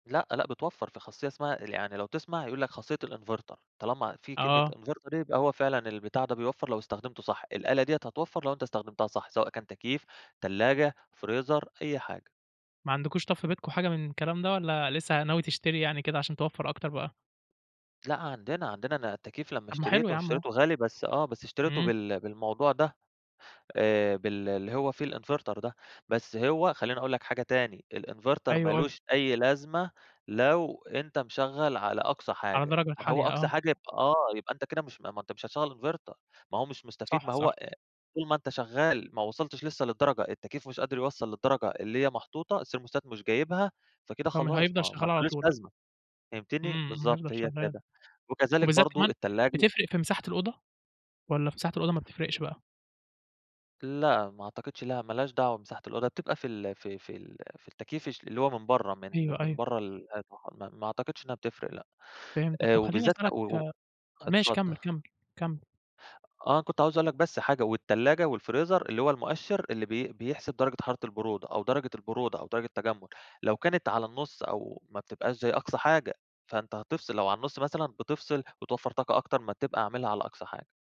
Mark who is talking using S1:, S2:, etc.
S1: لأ، لأ بتوفّر. في خاصية اسمها يعني لو تسمع، هيقول لك خاصية الinverter، طالما في كلمة
S2: آه.
S1: inverter يبقى هو فعلًا البتاع ده بيوفّر لو استخدمته صح. الآلة دي هتوفّر لو أنت استخدمتها صح، سواء كان تكييف، تلاجة، فريزر أي حاجة.
S2: ما عندكوش طب في بيتكم أي حاجة من الكلام ده، والّا لسّه ناوي تشتري يعني كده عشان توفّر أكتر بقى؟
S1: لأ عندنا، عندنا. أنا التكييف لمّا
S2: طب ما حلو
S1: اشتريته،
S2: يا عم أهو.
S1: اشتريته غالي بس آه. بس اشتريته
S2: إمم.
S1: بال بالموضوع ده، آآ بال اللي هو فيه الinverter ده. بس هو خلّيني أقول لك حاجة تاني، الinverter
S2: أيوه،
S1: ما
S2: قُل لي.
S1: لوش أي لازمة لو أنت مشغّل على أقصى
S2: على
S1: حاجة.
S2: درجة
S1: ما هو
S2: الحالية
S1: أقصى
S2: آه.
S1: حاجة يبقى آه. يبقى أنت كده مش ما أنت مش هتشغّل inverter. ما هو مش مستفيد،
S2: صح،
S1: ما هو
S2: صح.
S1: آآ طول ما أنت شغّال ما وصلتش لسّه للدرجة التكييف مش قادر يوصّل للدرجة اللي هي محطوطة، الthermostat مش جايبها، فكده
S2: طب ما
S1: خلاص، ما
S2: هيفضل
S1: ما
S2: شغّال على
S1: لهوش
S2: طول.
S1: لازمة فهمتني؟
S2: إمم، امم
S1: بالضبط
S2: هيفضل
S1: هي
S2: شغّال.
S1: كده. وكذلك
S2: وبالذات
S1: برضه
S2: كمان
S1: التلاجة
S2: بتفرق في مساحة الأوضة، والّا في مساحة الأوضة ما بتفرقش بقى؟
S1: لأ، ما أعتقدش لها، ما لهاش دعوة مساحة الأوضة، بتبقى في ال في في ال في التكييف ش اللي هو من برّه، من
S2: أيوه،
S1: من
S2: أيوه.
S1: برّه ال [unintelligible] ما ما أعتقدش إنّها بتفرق لأ.
S2: فهمتك.
S1: آآ
S2: طب خلّيني
S1: وبالذات
S2: أسألك
S1: و و
S2: ماشي
S1: اتفضّل.
S2: كمّل، كمّل. كمّل.
S1: آه. كنت عاوز أقول لك بس حاجة، والتلاجة والفريزر اللي هو المؤشِّر اللي بي بيحسب درجة حرارة البرودة أو درجة البرودة أو درجة التَجمُّد، لو كانت على النُص أو ما بتبقاش زي أقصى حاجة، فأنت هتفصل لو على النُص مثلًا بتفصل، بتوفّر طاقة أكتر ما تبقى عاملها على أقصى حاجة.